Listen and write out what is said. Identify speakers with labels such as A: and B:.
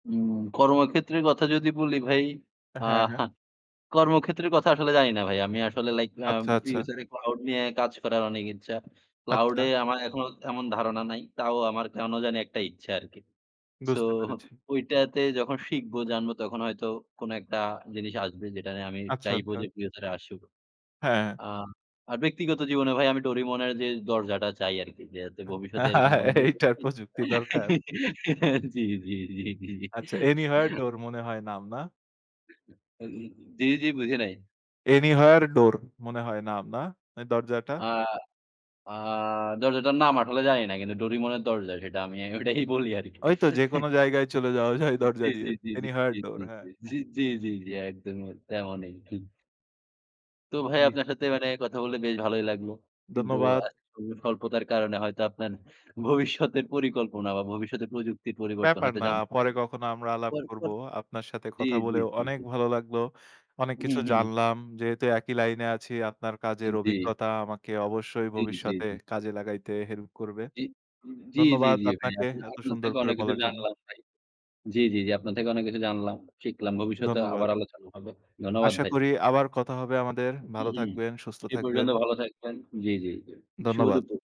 A: উম কর্মক্ষেত্রের কথা যদি বলি ভাই আ
B: হ্যাঁ, হ্যাঁ।
A: হ্যাঁ, কর্মক্ষেত্রের কথা আসলে জানি না ভাই। আমি আসলে লাইক আ
B: আচ্ছা, আচ্ছা।
A: ফিউচারে Claude নিয়ে কাজ করার অনেক ইচ্ছা। Claude
B: আচ্ছা।
A: এ আমার এখনো তেমন ধারণা নাই। তাও আমার কেনো জানি একটা ইচ্ছা আরকি। সো
B: বুঝতে পেরেছি।
A: ঐটাতে যখন শিখবো জানবো তখন হয়তো কোনো একটা জিনিস আসবে যেটা নিয়ে আমি
B: আচ্ছা,
A: চাইবো
B: আচ্ছা।
A: যে চিরতরে আসুক।
B: হ্যাঁ।
A: আ আর ব্যক্তিগত জীবনে ভাই আমি Doraemon এর যে দরজাটা চাই আরকি। যে যাতে ভবিষ্যতে এরকম কোনো
B: এইটার প্রযুক্তি দরকার।
A: [unintelligible] জি, জি, জি, জি, জি।
B: আচ্ছা, অ্যানিহয়ার ডোর মনে হয় নাম না?
A: [unintelligible] জি, জি, বুঝি নাই?
B: অ্যানিহয়ার ডোর মনে হয় নাম না? এই দরজাটা?
A: আ আ দরজাটার নাম আসলে জানি না। কিন্তু Doraemon এর দরজা সেটা আমি ওটাই বলি আরকি।
B: ওইতো যেকোনো জায়গায় চলে যাওয়া যায় দরজা
A: জি,
B: দিয়ে
A: জি, জি, জি,
B: অ্যানিহয়ার
A: জি,
B: ডোর
A: জি,
B: হ্যাঁ।
A: জি, জি, জি, জি, একদমই তেমনই। তো ভাই
B: জি।
A: আপনার সাথে মানে কথা বলে বেশ ভালোই লাগলো। কিন্তু
B: ধন্যবাদ।
A: আ সময় স্বল্পতার কারণে হয়তো আপনার ভবিষ্যতের পরিকল্পনা বা ভবিষ্যতের প্রযুক্তির পরিবর্তন
B: ব্যাপার
A: হয়তো
B: না।
A: জানতে
B: পরে
A: পারিনি
B: কখনো আমরা আলাপ করব।
A: পরপর।
B: আপনার সাথে
A: জি,
B: কথা
A: জি,
B: বলেও
A: জি,
B: অনেক
A: জি।
B: ভালো লাগলো। অনেক
A: হুম,
B: কিছু
A: হুম।
B: জানলাম। যেহেতু একই লাইনে আছি আপনার
A: অ্যা
B: কাজের
A: জি।
B: অভিজ্ঞতা আমাকে অবশ্যই
A: জি, জি,
B: ভবিষ্যতে
A: জি।
B: কাজে লাগাইতে হেল্প করবে।
A: জি, জি, জি,
B: ধন্যবাদ
A: জি, ভাই।
B: আপনাকে
A: আসলে
B: এত
A: আপনার
B: সুন্দর
A: থেকে
B: করে
A: অনেক কিছু
B: বলার জন্য।
A: জানলাম ভাই। জি, জি, জি, আপনার থেকে অনেক কিছু জানলাম। শিখলাম। ভবিষ্যতে আবার
B: ধন্যবাদ।
A: আলোচনা হবে। ধন্যবাদ
B: আশা
A: ভাই।
B: করি আবার কথা হবে আমাদের।
A: হুম,
B: ভালো
A: হুম।
B: থাকবেন, সুস্থ
A: সেই
B: থাকবেন।
A: পর্যন্ত ভালো থাকবেন। জি, জি, জি। শুভ
B: ধন্যবাদ।
A: দুপুর।